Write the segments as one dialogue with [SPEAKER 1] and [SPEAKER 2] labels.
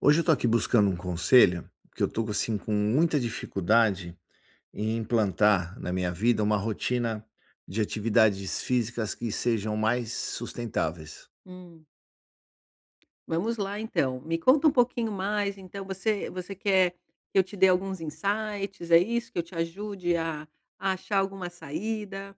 [SPEAKER 1] Hoje eu estou aqui buscando um conselho. Porque eu tô assim com muita dificuldade em implantar na minha vida, uma rotina de atividades físicas que sejam mais sustentáveis.
[SPEAKER 2] Hum. Vamos lá então, me conta um pouquinho mais. Então você você quer que eu te dê alguns insights, é isso? Que eu te ajude a a achar alguma saída?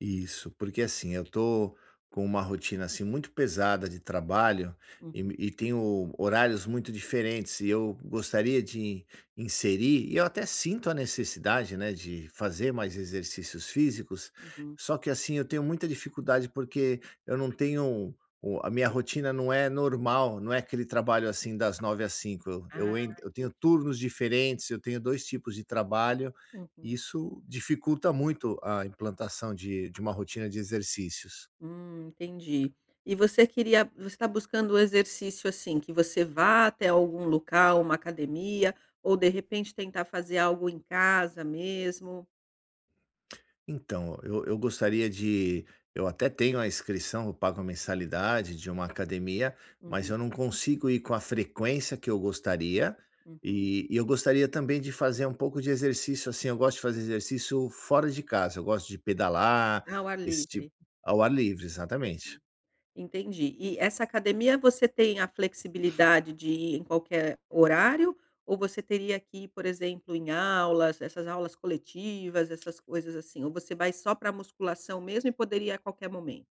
[SPEAKER 1] Isso, porque assim, eu tô com uma rotina assim muito pesada de trabalho e
[SPEAKER 2] Uhum.
[SPEAKER 1] me e tenho horários muito diferentes e eu gostaria de inserir, e eu até sinto a necessidade, né, de fazer mais exercícios físicos,
[SPEAKER 2] Uhum.
[SPEAKER 1] só que assim, eu tenho muita dificuldade, porque eu não tenho o a minha rotina não é normal, não é aquele trabalho assim das 9h ás 17h,
[SPEAKER 2] Ah,
[SPEAKER 1] eu en eu tenho
[SPEAKER 2] entendi.
[SPEAKER 1] turnos diferentes. Eu tenho dois tipos de trabalho,
[SPEAKER 2] Uhum.
[SPEAKER 1] isso dificulta muito a implantação de de uma rotina de exercícios.
[SPEAKER 2] Hum, entendi e você queria você tá buscando o exercício, assim, que você vá até algum local ou uma academia ou, de repente, tentar fazer algo em casa mesmo?
[SPEAKER 1] Então, eu eu gostaria de eu até tenho a inscrição, eu pago a mensalidade de uma academia, mas
[SPEAKER 2] Uhum.
[SPEAKER 1] eu não consigo ir com a frequência que eu gostaria.
[SPEAKER 2] Uhum.
[SPEAKER 1] E e eu gostaria também de fazer um pouco de exercício assim, eu gosto de fazer exercício fora de casa, eu gosto de pedalar,
[SPEAKER 2] Ao ar
[SPEAKER 1] esse tipo
[SPEAKER 2] livre.
[SPEAKER 1] ao ar livre, exatamente.
[SPEAKER 2] Entendi. E essa academia, você tem a flexibilidade de ir em qualquer horário ou você teria que ir, por exemplo, em aulas? Essas aulas coletivas, essas coisas, assim, ou você vai só pra musculação mesmo e poderia ir a qualquer momento?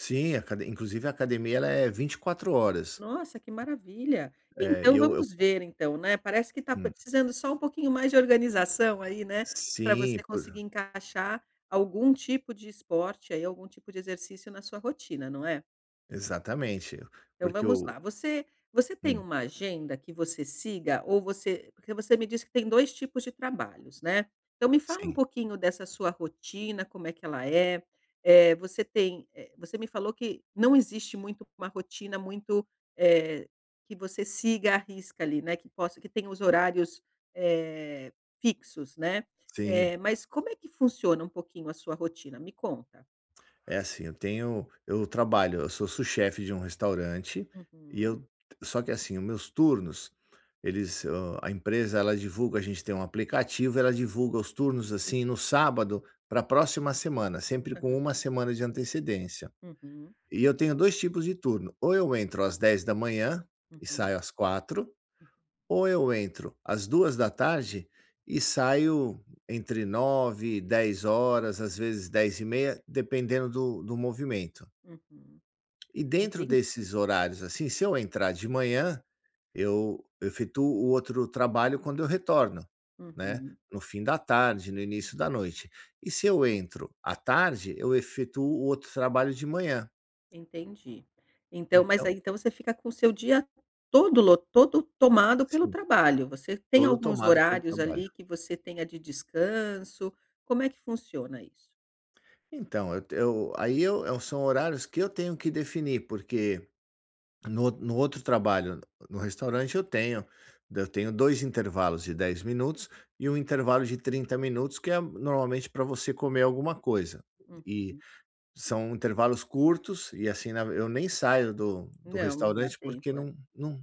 [SPEAKER 1] Sim, a acade inclusive, a academia ela é 24 horas.
[SPEAKER 2] Nossa, que maravilha.
[SPEAKER 1] É, e
[SPEAKER 2] Então
[SPEAKER 1] eu eu
[SPEAKER 2] vamos ver, então, né, parece que está
[SPEAKER 1] Hum.
[SPEAKER 2] precisando só um pouquinho mais de organização aí, né, pra você
[SPEAKER 1] Sim,
[SPEAKER 2] conseguir
[SPEAKER 1] por
[SPEAKER 2] encaixar algum tipo de esporte aí, algum tipo de exercício na sua rotina, não é?
[SPEAKER 1] Exatamente.
[SPEAKER 2] Então
[SPEAKER 1] Porque
[SPEAKER 2] vamos
[SPEAKER 1] eu
[SPEAKER 2] lá, você você tem
[SPEAKER 1] Hum.
[SPEAKER 2] uma agenda que você siga ou você porque você me disse que tem 2 tipos de trabalhos, né, então me fala um
[SPEAKER 1] Sim.
[SPEAKER 2] pouquinho dessa sua rotina, como é que ela é, eh, você tem eh, você me falou que não existe muito uma rotina muito eh, que você siga à risca ali, né, que possa que tenha os horários, eh, fixos, né. Eh,
[SPEAKER 1] Sim.
[SPEAKER 2] mas como é que funciona um pouquinho a sua rotina? Me conta.
[SPEAKER 1] É, assim, eu tenho eu trabalho, eu sou sous chef de um restaurante e
[SPEAKER 2] Uhum.
[SPEAKER 1] eu só que, assim, os meus turnos, eles hã, a empresa ela divulga a gente tem um aplicativo, ela divulga os turnos, assim, no sábado pra próxima semana, sempre com
[SPEAKER 2] Aham.
[SPEAKER 1] 1 semana de antecedência.
[SPEAKER 2] Uhum.
[SPEAKER 1] E eu tenho 2 tipos de turno, ou eu entro às 10h e
[SPEAKER 2] Uhum.
[SPEAKER 1] saio às 16h,
[SPEAKER 2] Hum.
[SPEAKER 1] ou eu entro às 14h e saio entre 21h, 22h, às vezes 22h30, e meia dependendo do do movimento.
[SPEAKER 2] Uhum.
[SPEAKER 1] E dentro
[SPEAKER 2] Entendi.
[SPEAKER 1] desses horários, assim, se eu entrar de manhã, eu efetuo o outro trabalho quando eu retorno, né,
[SPEAKER 2] Uhum.
[SPEAKER 1] no fim da tarde, no início da noite. E se eu entro à tarde, eu efetuo o outro trabalho de manhã.
[SPEAKER 2] Entendi. Então mas
[SPEAKER 1] Então
[SPEAKER 2] aí então você fica com o seu dia todo lo todo tomado pelo
[SPEAKER 1] Sim.
[SPEAKER 2] trabalho. Você tem
[SPEAKER 1] Todo
[SPEAKER 2] alguns
[SPEAKER 1] tomado pelo
[SPEAKER 2] horários,
[SPEAKER 1] trabalho.
[SPEAKER 2] ali, que você tenha de descanso? Como é que funciona isso?
[SPEAKER 1] Então, eu eu aí eu são horários que eu tenho que definir, porque no o no outro trabalho, n no restaurante, eu tenho eu tenho 2 intervalos de 10 minutos, e 1
[SPEAKER 2] Hum.
[SPEAKER 1] intervalo de 30 minutos, que é normalmente pra você comer alguma coisa. E
[SPEAKER 2] Uhum.
[SPEAKER 1] são intervalos curtos e, assim, na eu nem saio do do
[SPEAKER 2] Não, não dá
[SPEAKER 1] restaurante, porque
[SPEAKER 2] tempo, é.
[SPEAKER 1] não não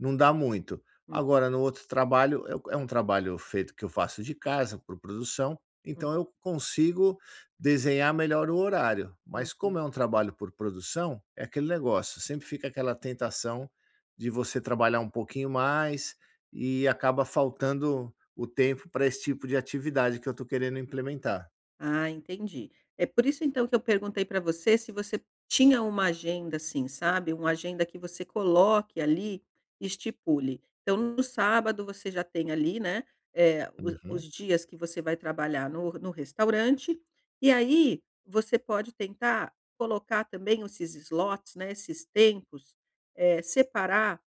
[SPEAKER 1] não dá muito.
[SPEAKER 2] Uhum.
[SPEAKER 1] Agora no outro trabalho, é um é um trabalho feito que eu faço de casa, por produção,
[SPEAKER 2] Hum.
[SPEAKER 1] então eu consigo desenhar melhor o horário. Mas como
[SPEAKER 2] Uhum.
[SPEAKER 1] é um trabalho por produção, é aquele negócio, sempre fica aquela tentação de você trabalhar um pouquinho mais, e acaba faltando o tempo pra esse tipo de atividade que eu tô querendo implementar.
[SPEAKER 2] Ah, entendi. É por isso então que eu perguntei pra você se você tinha uma agenda, assim, sabe. Uma agenda que você coloque ali e estipule. Então no sábado você já tem ali, né, eh, os os
[SPEAKER 1] Uhum.
[SPEAKER 2] dias que você vai trabalhar no no restaurante, e aí você pode tentar colocar também esses slots, né, esses tempos, eh, separar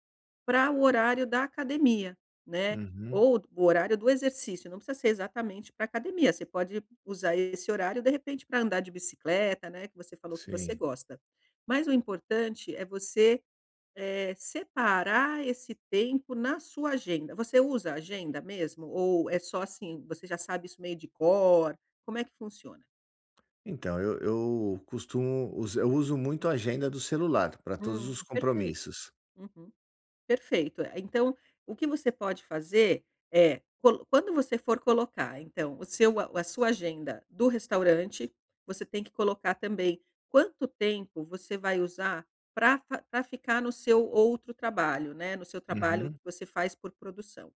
[SPEAKER 2] para o horário da academia, né,
[SPEAKER 1] Uhum.
[SPEAKER 2] ou o horário do exercício. Não precisa ser exatamente pra academia, você pode usar esse horário, de repente, pra andar de bicicleta, né, que você falou que você
[SPEAKER 1] Sim.
[SPEAKER 2] gosta. Mas o importante é você, eh, separar esse tempo na sua agenda. Você usa agenda mesmo? Ou é só, assim, você já sabe isso meio de cor? Como é que funciona?
[SPEAKER 1] Então, eu eu costumo us eu uso muito a agenda do celular pra todos
[SPEAKER 2] Hum,
[SPEAKER 1] os
[SPEAKER 2] perfeito.
[SPEAKER 1] compromissos.
[SPEAKER 2] Uhum. Perfeito. Eh, então o que você pode fazer é colo quando você for colocar então o seu a sua agenda do restaurante, você tem que colocar também quanto tempo você vai usar pra fa pra ficar no seu outro trabalho, né, no seu trabalho que
[SPEAKER 1] Uhum.
[SPEAKER 2] você faz por produção.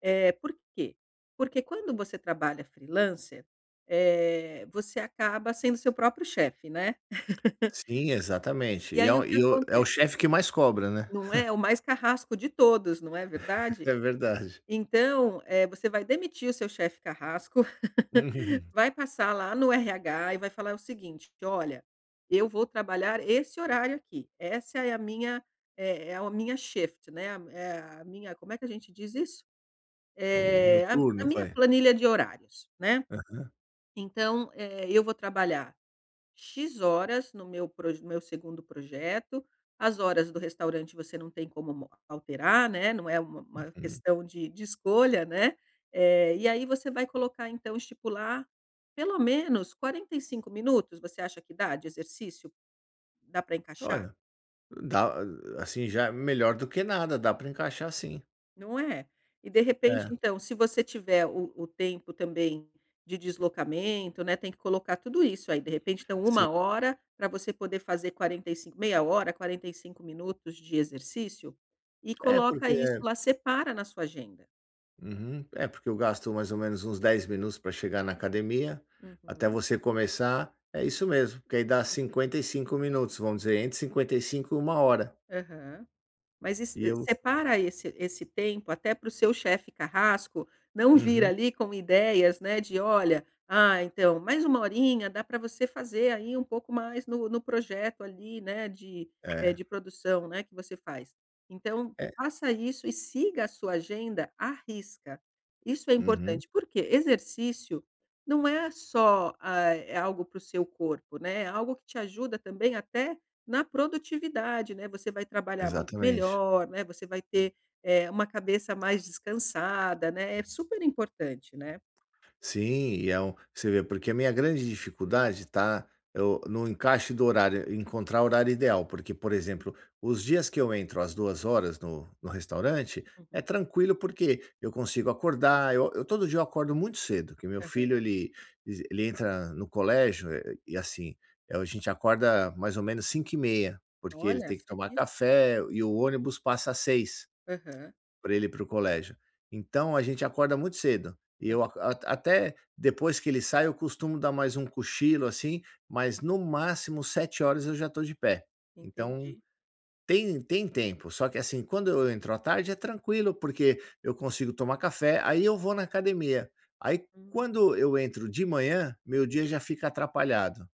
[SPEAKER 2] Eh, por quê? Porque quando você trabalha freelancer, eh, você acaba sendo seu próprio chefe, né.
[SPEAKER 1] Sim, exatamente.
[SPEAKER 2] E
[SPEAKER 1] E é
[SPEAKER 2] aí o
[SPEAKER 1] o
[SPEAKER 2] que
[SPEAKER 1] e o é o
[SPEAKER 2] acontece?
[SPEAKER 1] chefe que mais cobra, né.
[SPEAKER 2] Não é, o mais carrasco de todos, não é verdade?
[SPEAKER 1] É verdade.
[SPEAKER 2] Então, eh, você vai demitir o seu chefe carrasco, vai passar lá no RH e vai falar o seguinte, que: "Olha, eu vou trabalhar esse horário aqui. Essa é a minha é é o minha shift, né, é a minha", como é que a gente diz isso?
[SPEAKER 1] O meu
[SPEAKER 2] Eh, "A a
[SPEAKER 1] turno
[SPEAKER 2] minha
[SPEAKER 1] vai.
[SPEAKER 2] planilha de horários, né.
[SPEAKER 1] Aham.
[SPEAKER 2] Então, eh, eu vou trabalhar X horas no meu proj no meu segundo projeto" as horas do restaurante você não tem como mo alterar, né. Não é uma uma
[SPEAKER 1] Uhum.
[SPEAKER 2] questão de de escolha, né, eh, e aí você vai colocar então, estipular pelo menos 45 minutos, você acha que dá de exercício? Dá pra encaixar?
[SPEAKER 1] Olha, dá assim, já melhor do que nada. Dá pra encaixar sim.
[SPEAKER 2] Não é? E de repente,
[SPEAKER 1] É.
[SPEAKER 2] então, se você tiver o o tempo também de deslocamento, né, tem que colocar tudo isso aí, de repente, então,
[SPEAKER 1] Se
[SPEAKER 2] 1 hora pra você poder fazer 45, meia hora, 45 minutos de exercício e
[SPEAKER 1] É
[SPEAKER 2] coloca
[SPEAKER 1] porque
[SPEAKER 2] isso lá, separa na sua agenda.
[SPEAKER 1] Uhum, é porque eu gasto mais ou menos uns 10 minutos pra chegar na academia, até
[SPEAKER 2] Uhum.
[SPEAKER 1] você começar, é isso mesmo, porque aí dá 55 minutos, vamos dizer, entre 55 e 1 hora.
[SPEAKER 2] Aham. Mas es
[SPEAKER 1] E eu
[SPEAKER 2] separa esse esse tempo até pro seu chefe carrasco não vir
[SPEAKER 1] Uhum.
[SPEAKER 2] ali com ideias, né, de: "Olha, ah, então, mais uma horinha dá pra você fazer aí um pouco mais no no projeto, ali, né, de eh,
[SPEAKER 1] É.
[SPEAKER 2] de produção, né, que você faz". Então,
[SPEAKER 1] É.
[SPEAKER 2] faça isso e siga a sua agenda à risca. Isso é
[SPEAKER 1] Uhum.
[SPEAKER 2] importante, por quê? Exercício não é só, hã, é algo para o seu corpo, né, é algo que te ajuda também até na produtividade, né, você vai trabalhar muito
[SPEAKER 1] Exatamente.
[SPEAKER 2] melhor, né, você vai ter, eh, uma cabeça mais descansada, né, é super importante, né.
[SPEAKER 1] Sim, e é um você vê, porque a minha grande dificuldade está eu no encaixe do horário, encontrar horário ideal, porque, por exemplo, os dias que eu entro às 14:00 no no restaurante, é
[SPEAKER 2] Uhum.
[SPEAKER 1] tranquilo porque eu consigo acordar, eu eu todo dia eu acordo muito cedo, que meu
[SPEAKER 2] Aham.
[SPEAKER 1] filho ele, ese ele entra no colégio e, assim, eh, o a gente acorda mais ou menos 05:30, porque ele
[SPEAKER 2] Olha,
[SPEAKER 1] tem que tomar
[SPEAKER 2] sadístico.
[SPEAKER 1] café e o ônibus passa às 06:00
[SPEAKER 2] Aham.
[SPEAKER 1] pra ele ir pro colégio. Então a gente acorda muito cedo e
[SPEAKER 2] Aham.
[SPEAKER 1] eu aco até depois que ele sai eu costumo dar mais um cochilo, assim, mas no máximo 07:00 eu já estou de pé. Então,
[SPEAKER 2] Entendi.
[SPEAKER 1] tem tem tempo. Só que, assim, quando eu entro à tarde, é tranquilo, porque eu consigo tomar café, aí eu vou na academia. Aí
[SPEAKER 2] Hum.
[SPEAKER 1] quando eu entro de manhã, meu dia já fica atrapalhado,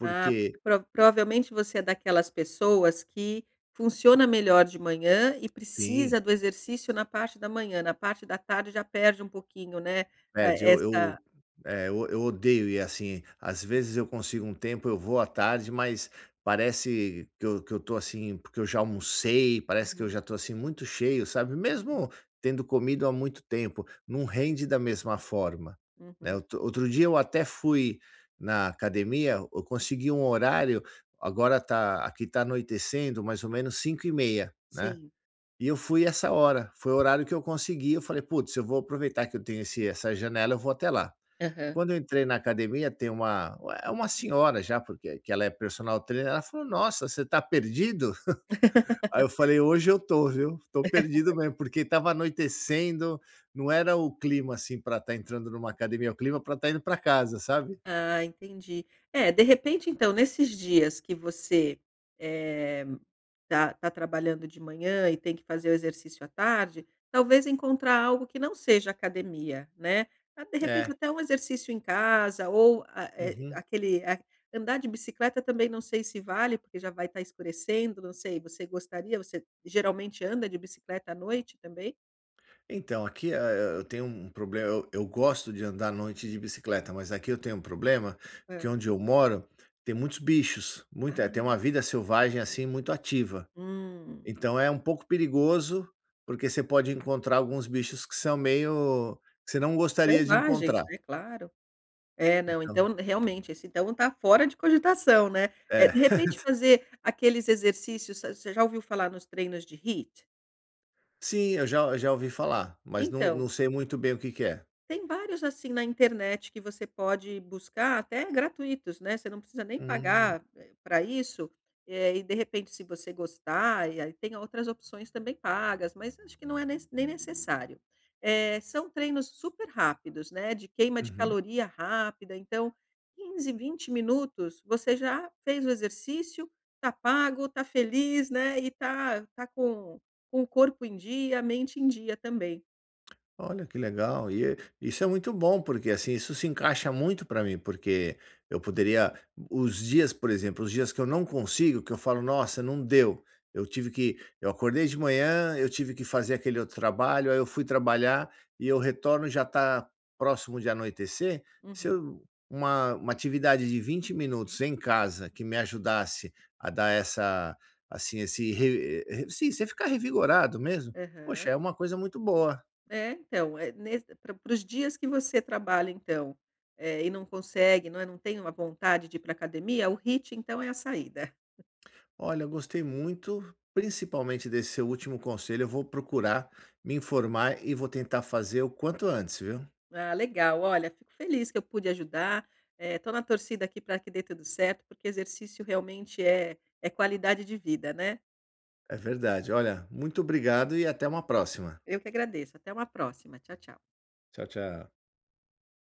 [SPEAKER 2] Ah, porque pro provavelmente você é daquelas pessoas que funciona melhor de manhã e
[SPEAKER 1] Sim.
[SPEAKER 2] precisa do exercício na parte da manhã, na parte da tarde já perde um pouquinho, né,
[SPEAKER 1] Perde,
[SPEAKER 2] eh,
[SPEAKER 1] eu
[SPEAKER 2] essa
[SPEAKER 1] eu eh, eu eu odeio ir assim. Às
[SPEAKER 2] Hum.
[SPEAKER 1] vezes eu consigo um tempo, eu vou à tarde, mas parece que eu que eu estou, assim, porque eu já almocei, parece que eu
[SPEAKER 2] Uhum.
[SPEAKER 1] já estou, assim, muito cheio, sabe,
[SPEAKER 2] Uhum.
[SPEAKER 1] mesmo tendo comido há muito tempo, não
[SPEAKER 2] Sim.
[SPEAKER 1] rende da mesma forma, né.
[SPEAKER 2] Uhum.
[SPEAKER 1] Outro outro dia eu até fui na academia, eu consegui um horário, agora está aqui está anoitecendo mais ou menos 17:30, né.
[SPEAKER 2] Sim.
[SPEAKER 1] E eu fui essa hora, foi o horário que eu consegui, eu falei: "Putz, eu vou aproveitar que eu tenho esse essa janela, eu vou até lá".
[SPEAKER 2] Aham.
[SPEAKER 1] Quando eu entrei na academia, tem uma é uma senhora já, porque que ela é personal trainer, ela falou: "Nossa, você está perdido?", Aí eu falei: "Hoje eu estou, viu? Estou perdido mesmo.", porque estava anoitecendo, não era o clima, assim, pra estar entrando numa academia, o clima para estar indo pra casa, sabe?
[SPEAKER 2] Ah, entendi. É, de repente, então, nesses dias que você, eh, tá tá trabalhando de manhã e tem que fazer o exercício à tarde, talvez encontrar algo que não seja academia, né. Ah, de repente
[SPEAKER 1] É.
[SPEAKER 2] até um exercício em casa ou, a eh,
[SPEAKER 1] Uhum.
[SPEAKER 2] aquele andar de bicicleta também não sei se vale, porque já vai estar escurecendo, não sei, você gostaria, você geralmente anda de bicicleta à noite também?
[SPEAKER 1] Então, aqui a eh eh, eu tenho um problema, eu eu gosto de andar à noite de bicicleta, mas aqui eu tenho um problema, que
[SPEAKER 2] Hã.
[SPEAKER 1] onde eu moro tem muitos bichos, muita tem uma
[SPEAKER 2] Ah.
[SPEAKER 1] vida selvagem, assim, muito ativa.
[SPEAKER 2] Hum.
[SPEAKER 1] Então é um pouco perigoso, porque você pode encontrar alguns bichos que são meio que você não gostaria de
[SPEAKER 2] Selvagem, isso
[SPEAKER 1] encontrar.
[SPEAKER 2] daí, é claro. É, não,
[SPEAKER 1] Então
[SPEAKER 2] então, realmente, esse então tá fora de cogitação, né. Eh,
[SPEAKER 1] É.
[SPEAKER 2] de repente fazer aqueles exercícios a você já ouviu falar nos treinos de HIIT?
[SPEAKER 1] Sim, eu já eu já ouvi falar, mas não não
[SPEAKER 2] Então
[SPEAKER 1] sei muito bem o que que é.
[SPEAKER 2] tem vários, assim, na internet que você pode buscar, até gratuitos, né. Você não precisa nem
[SPEAKER 1] Hum.
[SPEAKER 2] pagar, eh, pra isso, eh, e, de repente, se você gostar, e aí tem outras opções também pagas, mas acho que não é nes nem necessário. Eh, são treinos super-rápidos, né, de queima de
[SPEAKER 1] Uhum.
[SPEAKER 2] caloria rápida, então 15, 20 minutos, você já fez o exercício, tá pago, tá feliz, né, e tá tá com com o corpo em dia, a mente em dia também.
[SPEAKER 1] Olha, que legal! E é isso é muito bom, porque, assim, isso se encaixa muito para mim, porque eu poderia o os dias por exemplo, os dias que eu não consigo, que eu falo: "Nossa, não deu. Eu tive que eu acordei de manhã, eu tive que fazer aquele outro trabalho, aí eu fui trabalhar e eu retorno e já tá próximo de anoitecer". Se
[SPEAKER 2] Uhum.
[SPEAKER 1] eu uma uma atividade de 20 minutos em casa que me ajudasse a dar essa assim, esse re re sim, você ficar revigorado mesmo,
[SPEAKER 2] Aham.
[SPEAKER 1] poxa, é uma coisa muito boa.
[SPEAKER 2] É, então, eh, nesse para para os dias que você trabalha então, eh, e não consegue, não é, não tem uma vontade de ir pra academia, o HIIT então é a saída.
[SPEAKER 1] Olha, eu gostei muito, principalmente desse seu último conselho. Eu vou procurar me informar e vou tentar fazer o quanto antes, viu.
[SPEAKER 2] Ah, legal. Olha, fico feliz que eu pude ajudar, eh, tô na torcida aqui pra que dê tudo certo. Porque exercício realmente é é qualidade de vida, né.
[SPEAKER 1] É verdade. Olha, muito obrigado e até uma próxima.
[SPEAKER 2] Eu que agradeço. Até uma próxima. Tchau, tchau.
[SPEAKER 1] Tchau, tchau.